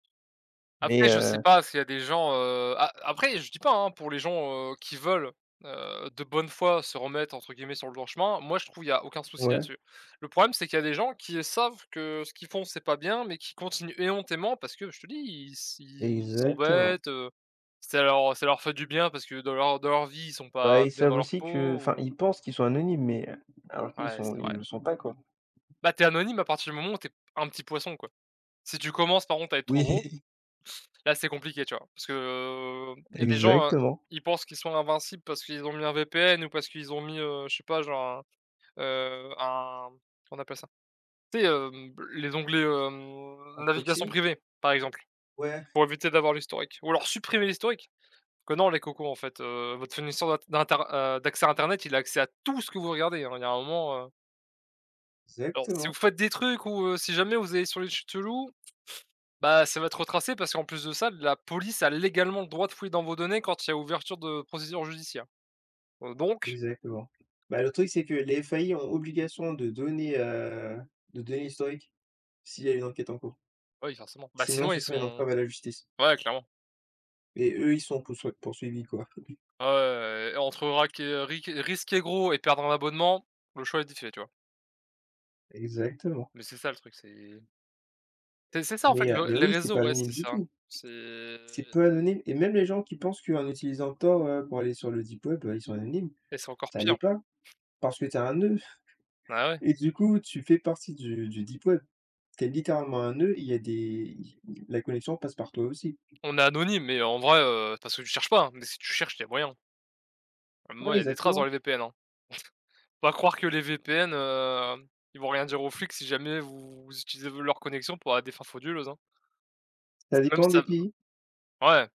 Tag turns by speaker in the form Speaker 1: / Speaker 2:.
Speaker 1: Mais
Speaker 2: Après, je sais
Speaker 1: heu
Speaker 2: pas s'il y a des gens, heu, a après je dis pas, hein? Pour les gens, heu, qui veulent, heu, de bonne foi, se remettre, entre guillemets, «sur le droit chemin», moi je trouve, il y a aucun souci
Speaker 1: Ouais.
Speaker 2: là-dessus. Le problème, c'est qu'il y a des gens qui, heu, savent que ce qu'ils font c'est pas bien, mais qui continuent éhontément, parce que je te dis, ils s ils
Speaker 1: Exactement.
Speaker 2: s'embêtent, heu, ça leur ça leur fait du bien, parce que dans leur dans leur vie, ils sont
Speaker 1: Bah,
Speaker 2: pas
Speaker 1: ils
Speaker 2: bien
Speaker 1: savent
Speaker 2: dans leur
Speaker 1: aussi que,
Speaker 2: peau
Speaker 1: enfin,
Speaker 2: ou
Speaker 1: ils pensent qu'ils sont anonymes mais, heu, alors qu'ils
Speaker 2: Ouais,
Speaker 1: sont
Speaker 2: c'est
Speaker 1: ils
Speaker 2: vrai.
Speaker 1: le sont pas, quoi.
Speaker 2: Bah, tu es anonyme à partir du moment où tu es p un petit poisson, quoi. Si tu commences par contre à être trop gros,
Speaker 1: Oui.
Speaker 2: là c'est compliqué, tu vois? Parce que il y a des gens, heu,
Speaker 1: Exactement.
Speaker 2: ils pensent qu'ils sont invincibles parce qu'ils ont mis un VPN ou parce qu'ils ont mis, heu, je sais pas, genre un, heu, un, comment on appelle ça? Tu sais, hem, b les onglets,
Speaker 1: Un
Speaker 2: hem, navigation
Speaker 1: proxy?
Speaker 2: privée, par exemple,
Speaker 1: Ouais.
Speaker 2: pour éviter d'avoir l'historique ou alors supprimer l'historique. Que non, les cocos en fait, heu, votre fournisseur d'int d'inter heu, d'accès internet, il a accès à tout ce que vous regardez, hein. Il y a un moment, heu alors, si vous
Speaker 1: Exactement.
Speaker 2: faites des trucs ou, heu, si jamais vous allez sur les sites chelous, bah, ça va être retracé parce qu'en plus de ça, la police a légalement le droit de fouiller dans vos données quand il y a ouverture de procédure judiciaire. Heu, donc
Speaker 1: Exactement. Ben, le truc, c'est que les FAI ont obligation de donner, heu, de donner l'historique s'il y a une enquête en cours
Speaker 2: Bah oui forcément. Bah
Speaker 1: sinon,
Speaker 2: sinon
Speaker 1: ce
Speaker 2: ils
Speaker 1: serait une
Speaker 2: sont
Speaker 1: entrave à la justice
Speaker 2: ouais, clairement.
Speaker 1: et eux, ils sont poussoi poursuivis, quoi.
Speaker 2: Ouais, ouais, ouais, ouais et entre raquer, heu, risquer- risquer gros et perdre un abonnement, le choix est d vite fait, tu vois?
Speaker 1: Exactement.
Speaker 2: Mais c'est ça le truc, c'est c'est c'est ça, en fait,
Speaker 1: Mais, heu,
Speaker 2: le
Speaker 1: mais
Speaker 2: les
Speaker 1: oui, c'est
Speaker 2: réseaux,
Speaker 1: pas
Speaker 2: ouais,
Speaker 1: anonyme
Speaker 2: c'est
Speaker 1: du
Speaker 2: ça.
Speaker 1: tout!
Speaker 2: C'est
Speaker 1: C'est peu anonyme et même les gens qui pensent qu'en utilisant Tor, heu, pour aller sur le deep web, bah ils sont anonymes,
Speaker 2: Et c'est encore
Speaker 1: ça l'est
Speaker 2: pire.
Speaker 1: pas. Parce que tu es un nœud
Speaker 2: Ben ouais!
Speaker 1: et du coup tu fais partie du du deep web. Tu es littéralement un nœud, il y a des il y la connexion passe par toi aussi.
Speaker 2: On est anonyme, mais en vrai, heu, parce que tu cherches pas, hein? Mais si tu cherches, tu es voyant même
Speaker 1: Ouais,
Speaker 2: moi, il y a des traces dans
Speaker 1: exactement.
Speaker 2: les VPN, hein? Faut pas croire que les VPN, heu, ils vont rien dire aux flics si jamais vous utilisez v leur connexion pour à des fins frauduleuses, hein? Parce
Speaker 1: Ça
Speaker 2: que même si
Speaker 1: dépend
Speaker 2: tu
Speaker 1: des
Speaker 2: as b
Speaker 1: pays?
Speaker 2: ouais.